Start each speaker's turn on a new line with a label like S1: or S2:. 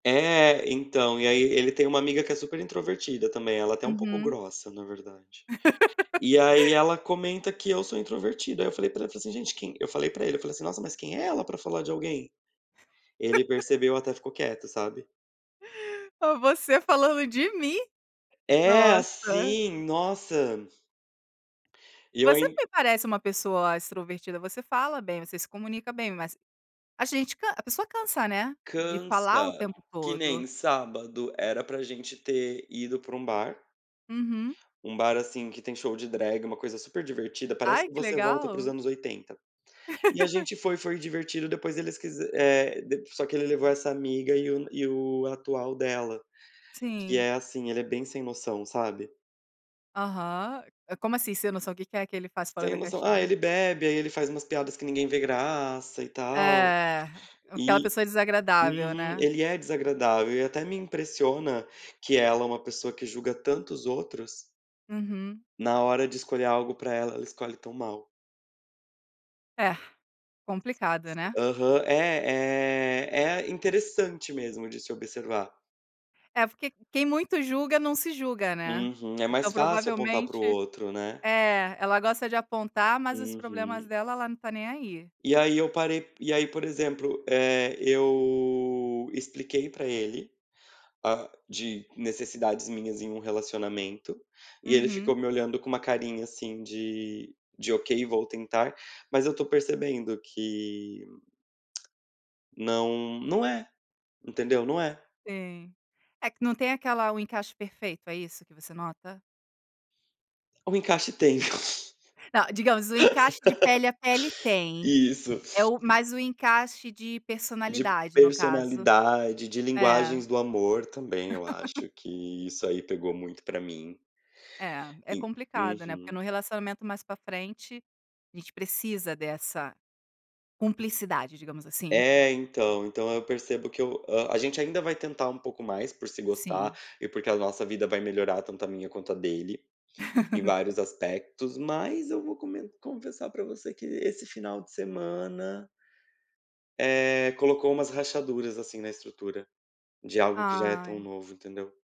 S1: É, então e aí ele tem uma amiga que é super introvertida também, ela é até um pouco
S2: Uhum.
S1: grossa na verdade. E aí ela comenta que eu sou introvertido, aí eu falei para ela, falei, assim: "Gente, quem" eu falei para ele, falei, assim: "Nossa, mas quem é ela para falar de alguém?" Ele percebeu até ficou quieto, sabe.
S2: Pô, você falando de mim?
S1: É,
S2: Nossa!
S1: assim, nossa! E eu
S2: Você
S1: ain
S2: me parece uma pessoa extrovertida, você fala bem, você se comunica bem, mas a gente can a pessoa cansa, né, de falar o
S1: Cansa,
S2: tempo
S1: que
S2: todo.
S1: nem sábado, era para gente ter ido para um bar
S2: Uhum.
S1: um bar, assim, que tem show de drag, uma coisa super divertida, parece
S2: Ai
S1: que
S2: que
S1: você volta aí para os
S2: legal.
S1: anos 80. E a gente foi foi divertido, depois eles quise eh, dep só que ele levou essa amiga e o e o atual dela, que
S2: Sim.
S1: é assim, ele é bem sem noção, sabe.
S2: Aham. É como, assim, sem noção? O que que é que ele faz fora
S1: Sem
S2: da
S1: noção, ah,
S2: caixinha?
S1: ele bebe, aí ele faz umas piadas que ninguém vê graça e tal.
S2: É, aquela
S1: E
S2: pessoa desagradável,
S1: uhum.
S2: né.
S1: Ele é desagradável e até me impressiona que ela é uma pessoa que julga tanto os outros
S2: Uhum.
S1: na hora de escolher algo para ela, ela escolhe tão mal.
S2: É, complicado,
S1: S
S2: né.
S1: aham. É eh, é interessante mesmo de se observar.
S2: É, porque quem muito julga, não se julga, né.
S1: Uhum. É
S2: Então
S1: mais fácil apontar para o
S2: provavelmente
S1: outro, né.
S2: é, ela gosta de apontar, mas os problemas
S1: Uhum.
S2: dela ela não está nem aí.
S1: E aí eu parei e aí por exemplo, eh, eu expliquei para ele, ah, de necessidades minhas em um relacionamento e ele
S2: Uhum.
S1: ficou me olhando com uma carinha, assim, de de: "Ok, vou tentar", mas eu estou percebendo que não não é, entendeu? Não é.
S2: Sim. É, que não tem aquela o encaixe perfeito, é isso que você nota?
S1: O encaixe tem.
S2: Não, digamos, o encaixe de pele a pele tem,
S1: Isso.
S2: é o
S1: En
S2: mais o encaixe de
S1: De
S2: personalidade no caso.
S1: personalidade, de
S2: É.
S1: linguagens do amor também eu acho que isso aí pegou muito para mim.
S2: É, é
S1: En
S2: complicado, né, porque
S1: uhum.
S2: no relacionamento mais para frente a gente precisa dessa cumplicidade digamos, assim.
S1: É, então então eu percebo que eu ah, a gente ainda vai tentar um pouco mais por se gostar
S2: Sim.
S1: e porque a nossa vida vai melhorar tanto a minha quanto a dele, em vários aspectos, mas eu vou come confessar para você que esse final de semana eh, colocou umas rachaduras, assim, na estrutura, de algo que já é tão
S2: Ai.
S1: novo, entendeu.